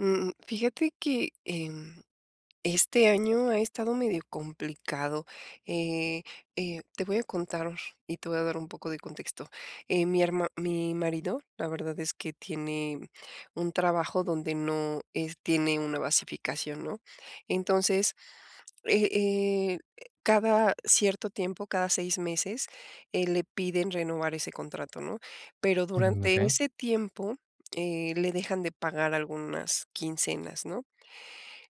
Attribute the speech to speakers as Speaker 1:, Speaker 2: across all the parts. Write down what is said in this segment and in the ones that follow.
Speaker 1: Mm, fíjate que en este año ha estado medio complicado. Eh eh, te voy a contar y te voy a dar un poco de contexto. Eh, mi herma mi marido, la verdad es que tiene un trabajo donde no es tiene una basificación, ¿no?, entonces, eh eh, e cada cierto tiempo, cada 6 meses, eh, le piden renovar ese contrato, ¿no?, pero
Speaker 2: Mm,
Speaker 1: durante
Speaker 2: okey.
Speaker 1: ese tiempo, eh, le dejan de pagar algunas quincenas, ¿no?,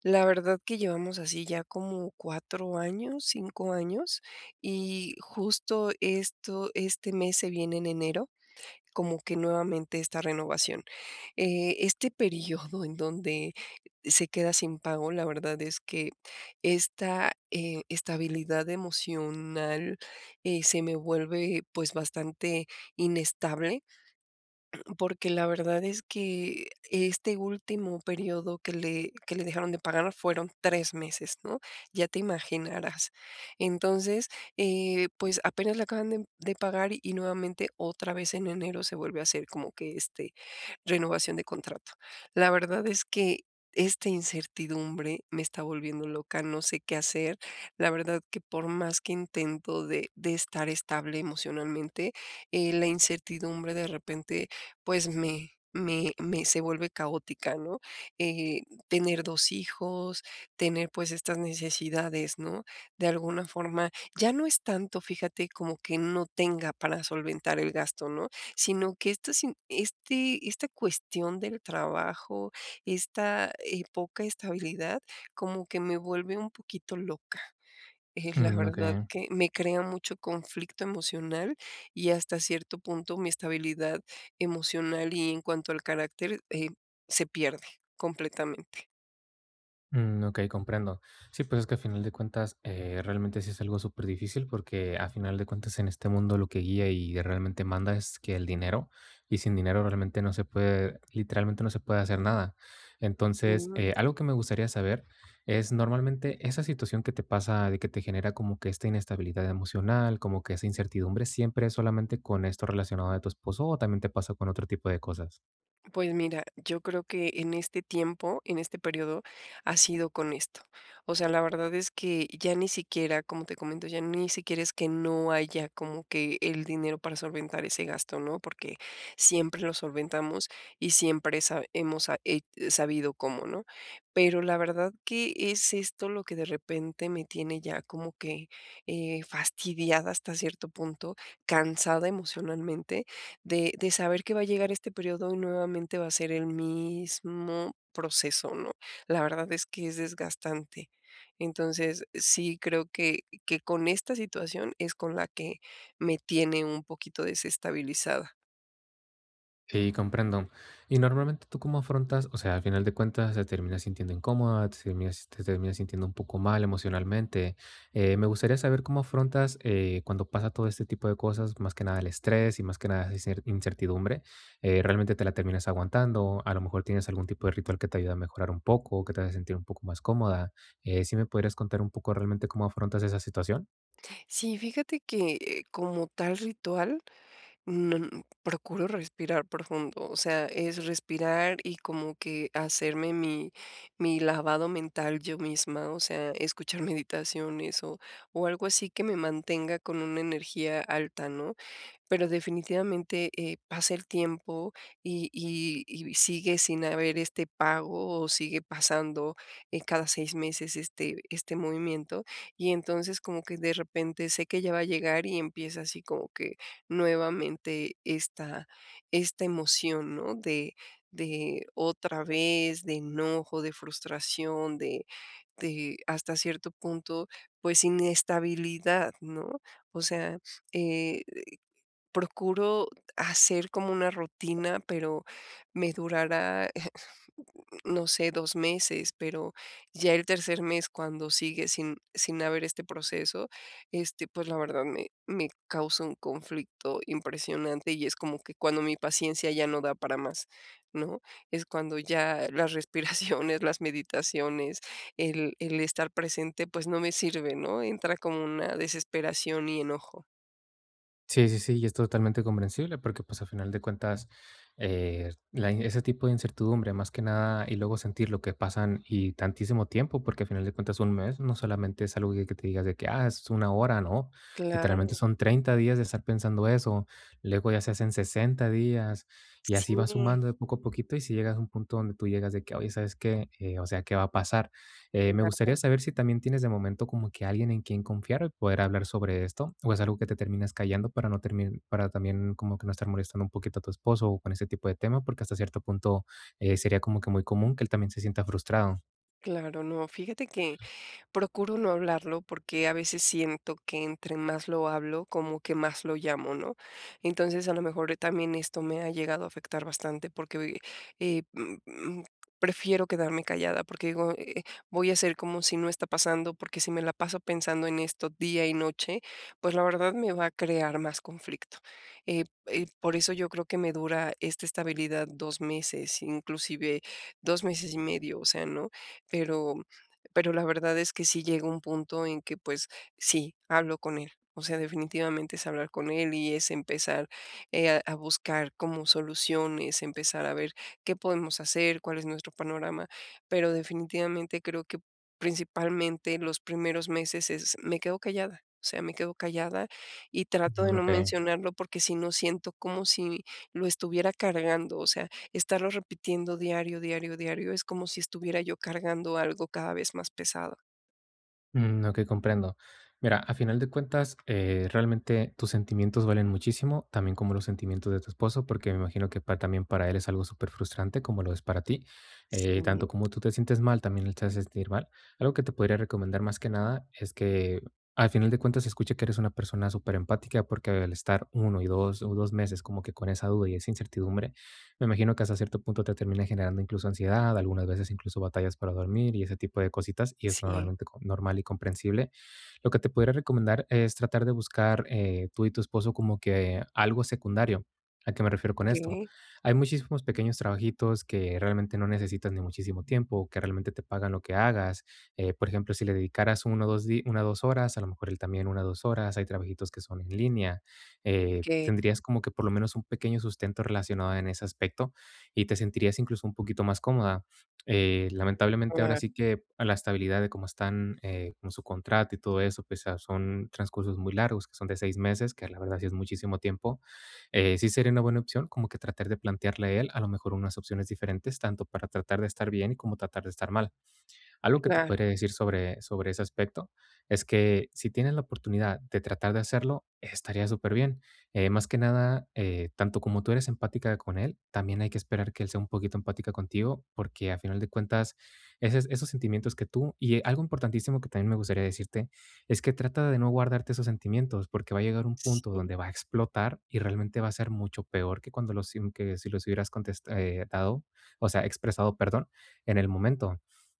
Speaker 1: la verdad que llevamos así ya como 4 años, 5 años, y justo esto este mes se viene en enero, como que nuevamente esta renovación, eh, este periodo en donde se queda sin pago, la verdad es que esta, eh, estabilidad emocional, eh, se me vuelve, pues, bastante inestable, porque la verdad es que este último período que le que le dejaron de pagar fueron 3 meses, ¿no?, ya te imaginarás. Entonces, eh, pues, apenas le acaban de de pagar, y nuevamente otra vez en enero se vuelve a hacer como que, este, renovación de contrato. La verdad es que esta incertidumbre me está volviendo loca, no sé qué hacer, la verdad que por más que intento de de estar estable emocionalmente, eh, la incertidumbre de repente, pues, me me me se vuelve caótica, ¿no?, eh, tener 2 hijos, tener, pues, estas necesidades, ¿no?, de alguna forma ya no es tanto, fíjate, como que no tenga para solventar el gasto, ¿no?, sino que esta sin este esta cuestión del trabajo, esta, eh, poca estabilidad, como que me vuelve un poquito loca. Eh, la
Speaker 2: Mm,
Speaker 1: verdad
Speaker 2: okey.
Speaker 1: que me crea mucho conflicto emocional, y hasta cierto punto mi estabilidad emocional y en cuanto al carácter, eh, se pierde completamente.
Speaker 2: Mm, okey, comprendo. Sí, pues, es que, a final de cuentas, eh, realmente, sí es algo súper difícil, porque, a final de cuentas, en este mundo lo que guía, y realmente manda, es que el dinero, y sin dinero realmente no se puede literalmente, no se puede hacer nada. Entonces,
Speaker 1: Mm.
Speaker 2: eh, algo que me gustaría saber es, normalmente, esa situación que te pasa, de que te genera, como que esta inestabilidad emocional, como que esa incertidumbre, ¿siempre es solamente con esto relacionado de tu esposo, o también te pasa con otro tipo de cosas?
Speaker 1: Pues mira, yo creo que en este tiempo, en este periodo ha sido con esto, o sea, la verdad es que, ya ni siquiera como te comento, ya ni siquiera es que no haya, como que el dinero para solventar ese gasto, ¿no?, porque, siempre lo solventamos, y siempre sa hemos sa he sabido cómo, ¿no?, pero la verdad que es esto lo que de repente me tiene ya como que, eh, fastidiada hasta cierto punto, cansada emocionalmente, de de saber que va a llegar este periodo, y nuevamente va a ser el mismo proceso, ¿no?, la verdad, es que, es desgastante. Entonces sí creo, que que con esta situación, es con la que, me tiene un poquito desestabilizada.
Speaker 2: Sí, comprendo, y normalmente, ¿tú cómo afrontas?, o sea, al final de cuentas, se termina sintiendo incómoda, se termina te termina sintiendo un poco mal emocionalmente, eh, me gustaría saber, cómo afrontas, eh, cuando pasa todo este tipo de cosas, más que nada el estrés, y más que nada, esa cer incertidumbre, eh, ¿realmente, te la terminas aguantando?, a lo mejor, tienes algún tipo de ritual que te ayuda a mejorar un poco, que te haga sentir un poco más cómoda, eh, ¿sí me podrías contar un poco, realmente cómo afrontas esa situación?
Speaker 1: Sí, fíjate que, como tal ritual, mm, procuro respirar profundo, o sea, es respirar, y como que hacerme, mi mi lavado mental yo misma, o sea, escuchar meditaciones, o o algo así que me mantenga con una energía alta, ¿no?, pero, definitivamente, eh, pasa el tiempo, y y y sigue sin haber este pago, o sigue pasando, eh, cada 6 meses, este este movimiento, y entonces como que de repente, sé que ya va a llegar, y empieza así, como que nuevamente, esta esta emoción, ¿no?, de de otra vez, de enojo, de frustración, de de hasta cierto punto, pues, inestabilidad, ¿no?, o sea, eh, procuro hacer como una rutina, pero, me durará, eh, no sé, 2 meses, pero, ya el tercer mes cuando sigue, sin sin haber este proceso, este, pues, la verdad, me me causa un conflicto impresionante, y es como que cuando mi paciencia ya no da para más, ¿no?, es cuando ya las respiraciones, las meditaciones, el el estar presente, pues, no me sirve, ¿no?, entra como una desesperación y enojo.
Speaker 2: Sí, sí, sí, y es totalmente comprensible, porque, pues a final de cuentas, eh, la y ese tipo de incertidumbre, más que nada y luego sentir lo que pasan y tantísimo tiempo, porque a final de cuentas un mes, no solamente es algo que te digas de que: "Ah, es 1 hora", no, literalmente
Speaker 1: Claro.
Speaker 2: son 30 días de estar pensando eso, luego ya se hacen 60 días, y así va
Speaker 1: Sí.
Speaker 2: sumando de poco a poquito. Y si llegas a un punto donde tú llegas de que: "Oye, ¿sabes qué?, eh, o sea, ¿qué va a pasar?" Eh, me gustaría
Speaker 1: Claro.
Speaker 2: saber si también tienes de momento como que alguien en quien confiar, o poder hablar sobre esto, o es algo que te terminas callando para no termin para también como que no estar molestando un poquito a tu esposo, o con ese tipo de tema, porque hasta cierto punto, eh, sería como que muy común que él también se sienta frustrado.
Speaker 1: Claro, no. Fíjate que procuro no hablarlo, porque a veces siento que entre más lo hablo, como que más lo llamo, ¿no? Entonces, a lo mejor también esto me ha llegado a afectar bastante porque, uy, eh, mm mm, prefiero quedarme callada, porque digo, eh: "Voy a ser como si no está pasando, porque si me la paso pensando en esto día y noche, pues, la verdad me va a crear más conflicto". Eh eh, por eso yo creo que me dura esta estabilidad 2 meses, inclusive, 2 meses y medio, o sea, no, pero pero la verdad es que sí llega un punto en que, pues, sí, hablo con él. O sea, definitivamente es hablar con él, y es empezar, eh, a a buscar como soluciones, empezar a ver qué podemos hacer, cuál es nuestro panorama. Pero definitivamente creo que principalmente los primeros meses es me quedo callada, o sea, me quedo callada, y trato de
Speaker 2: Mm,
Speaker 1: no
Speaker 2: okey.
Speaker 1: mencionarlo, porque si no siento como si lo estuviera cargando. O sea, estarlo repitiendo diario, diario, diario es como si estuviera yo cargando algo cada vez más pesado.
Speaker 2: Mm, okey, comprendo. Mira, a final de cuentas, eh, realmente, tus sentimientos valen muchísimo, también como los sentimientos de tu esposo, porque me imagino que pa también para él es algo superfrustrante, como lo es para ti. Eh, tanto
Speaker 1: Sí.
Speaker 2: como tú te sientes mal, también él se ha de sentir mal. Algo que te podría recomendar, más que nada, es que al final de cuentas, se escucha que eres una persona superempatica, porque al estar 1 y 2, o 2 meses como que con esa duda y esa incertidumbre, me imagino que hasta cierto punto te termina generando incluso ansiedad, algunas veces, incluso batallas para dormir y ese tipo de cositas, y es
Speaker 1: Sí.
Speaker 2: normalmente co normal y comprensible. Lo que te pudiera recomendar es tratar de buscar, eh, tú y tu esposo como que algo secundario, ¿a qué me refiero con esto?,
Speaker 1: ¿Qué?
Speaker 2: hay muchísimos pequeños trabajitos que realmente no necesitan ni muchísimo tiempo, que realmente te pagan lo que hagas, eh, por ejemplo, si le dedicaras 1 o 2 di 1 o 2 horas, a lo mejor él también 1 o 2 horas, hay trabajitos que son en línea, eh,
Speaker 1: Que
Speaker 2: tendrías como que por lo menos un pequeño sustento relacionado en ese aspecto, y te sentirías incluso un poquito más cómoda. Eh, lamentablemente, ahora
Speaker 1: Claro.
Speaker 2: sí que a la estabilidad de cómo están, eh, con su contrato y todo eso, pues, o sea, son transcursos muy largos, que son de 6 meses, que la verdad sí es muchísimo tiempo. Eh, sí sería una buena opción, como que tratar de plantearle a él, a lo mejor, unas opciones diferentes, tanto para tratar de estar bien, como tratar de estar mal. Algo que te
Speaker 1: Claro.
Speaker 2: podría decir sobre sobre ese aspecto es que, si tienes la oportunidad de tratar de hacerlo, estaría superbién, eh, más que nada, eh, tanto como tú eres empática con él, también hay que esperar que él sea un poquito empática contigo, porque a final de cuentas, ese esos sentimientos que tú y, eh, algo importantísimo que también me gustaría decirte es que trata de no guardarte esos sentimientos, porque va a llegar un punto
Speaker 1: Sí.
Speaker 2: donde va a explotar y realmente va a ser mucho peor que cuando los si que si los hubieras contes eh, ...tado, o sea, expresado, perdón, en el momento.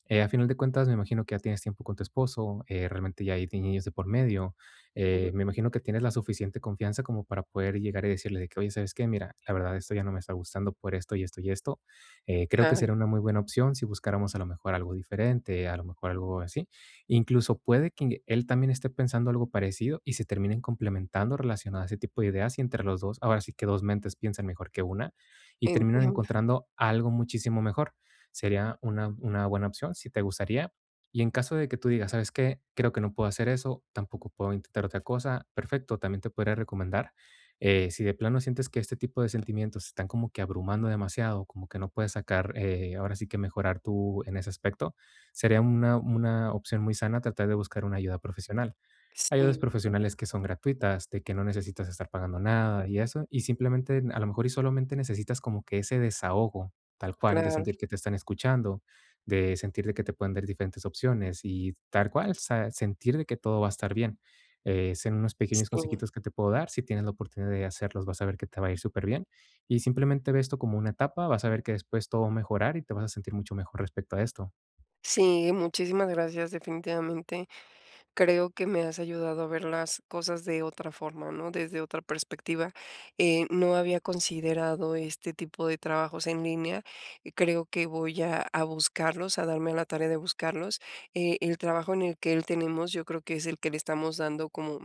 Speaker 2: Eh, a final de cuentas, me imagino que ya tienes tiempo con tu esposo, eh, realmente ya hay niños de por medio, eh,
Speaker 1: Ujú.
Speaker 2: me imagino que tienes la suficiente confianza como para poder llegar y decirle de que: "Oye, ¿sabes qué? Mira, la verdad, esto ya no me está gustando por esto, y esto, y esto. Eh, creo que
Speaker 1: Claro.
Speaker 2: sería una muy buena opción si buscáramos a lo mejor algo diferente", a lo mejor algo así. Incluso puede que él también esté pensando algo parecido, y se terminen complementando relacionado a ese tipo de ideas, y entre los 2 ahora sí que 2 mentes piensan mejor que 1, y terminan
Speaker 1: Entiendo.
Speaker 2: encontrando algo muchísimo mejor. Sería una una buena opción, si te gustaría. Y en caso de que tú digas: "¿Sabes qué?, creo que no puedo hacer eso, tampoco puedo intentar otra cosa", perfecto, también te podría recomendar, eh si de plano sientes que este tipo de sentimientos están como que abrumando demasiado, como que no puedes sacar, eh ahora sí que mejorar tú en ese aspecto, sería una una opción muy sana tratar de buscar una ayuda profesional. Ayudas
Speaker 1: Sí.
Speaker 2: profesionales que son gratuitas, de que no necesitas estar pagando nada y eso, y simplemente a lo mejor, y solamente necesitas como que ese desahogo, tal cual, de
Speaker 1: Claro.
Speaker 2: sentir que te están escuchando, de sentir de que te puedan dar diferentes opciones y, tal cual, o sea, sentir de que todo va a estar bien. Eh, son unos pequeños
Speaker 1: Sí.
Speaker 2: consejitos que te puedo dar, si tienes la oportunidad de hacerlos, vas a ver que te va a ir superbien y, simplemente, ve esto como una etapa, vas a ver que después todo mejorar y te vas a sentir mucho mejor respecto a esto.
Speaker 1: Sí, muchísimas gracias. Definitivamente, creo que me has ayudado a ver las cosas de otra forma, ¿no?, desde otra perspectiva. Eh, no había considerado este tipo de trabajos en línea, creo que voy a a buscarlos, a darme a la tarea de buscarlos. Eh, el trabajo en el que él tenemos, yo creo que es el que le estamos dando como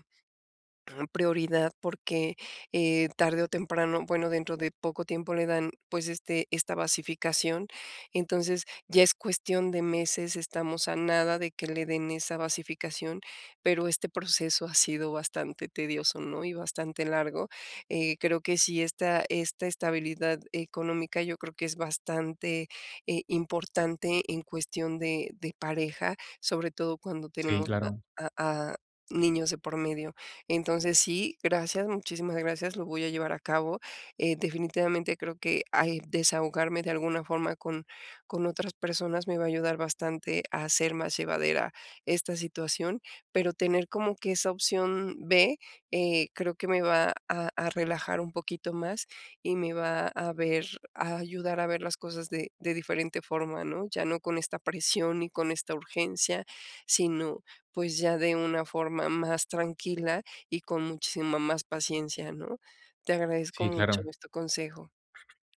Speaker 1: prioridad, porque, eh, tarde o temprano bueno, dentro de poco tiempo le dan, pues, este esta basificación. Entonces, ya es cuestión de meses, estamos a nada de que le den esa basificación, pero este proceso ha sido bastante tedioso, ¿no?, y bastante largo. Eh, creo que sí, esta esta estabilidad económica yo creo que es bastante, eh, importante en cuestión de de pareja, sobre todo cuando
Speaker 2: Sí,
Speaker 1: tenemos
Speaker 2: claro.
Speaker 1: a a a niños de por medio. Entonces, sí, gracias, muchísimas gracias, lo voy a llevar a cabo, eh, definitivamente creo que al desahogarme de alguna forma con con otras personas me va a ayudar bastante a hacer más llevadera esta situación, pero tener como que esa opción B, eh, creo que me va a a relajar un poquito más y me va a ver a ayudar a ver las cosas de de diferente forma, ¿no?, ya no con esta presión y con esta urgencia, sino pues, ya de una forma más tranquila y con muchísima más paciencia, ¿no? Te agradezco
Speaker 2: Sí,
Speaker 1: mucho
Speaker 2: claro.
Speaker 1: este consejo.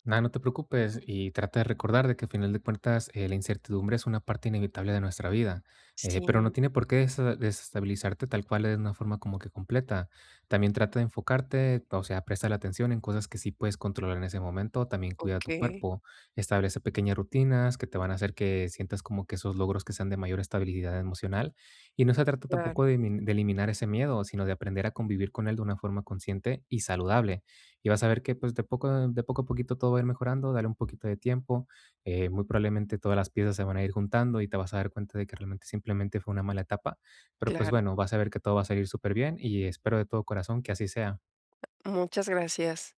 Speaker 2: Na, no te preocupes, y trata de recordar de que, al final de cuentas, eh, la incertidumbre es una parte inevitable de nuestra vida, eh, pero no
Speaker 1: Sí.
Speaker 2: tiene por qué dese desestabilizarte tal cual de una forma como que completa. También trata de enfocarte o sea, préstale atención en cosas que sí puedes controlar en ese momento, también cuida tu
Speaker 1: Okey.
Speaker 2: cuerpo, establece pequeñas rutinas que te van a hacer que sientas como que esos logros que sean de mayor estabilidad emocional. Y no se trata
Speaker 1: Claro.
Speaker 2: tampoco de emi de eliminar ese miedo, sino de aprender a convivir con él de una forma consciente y saludable. Y vas a ver que, pues, de poco a de poco a poquito todo va a ir mejorando, dale un poquito de tiempo, eh, muy probablemente todas las piezas se van a ir juntando, y te vas a dar cuenta de que realmente simplemente fue una mala etapa. Pero, pues,
Speaker 1: Claro.
Speaker 2: bueno, vas a ver que todo va a salir superbien, y espero de todo corazón que así sea.
Speaker 1: Muchas gracias.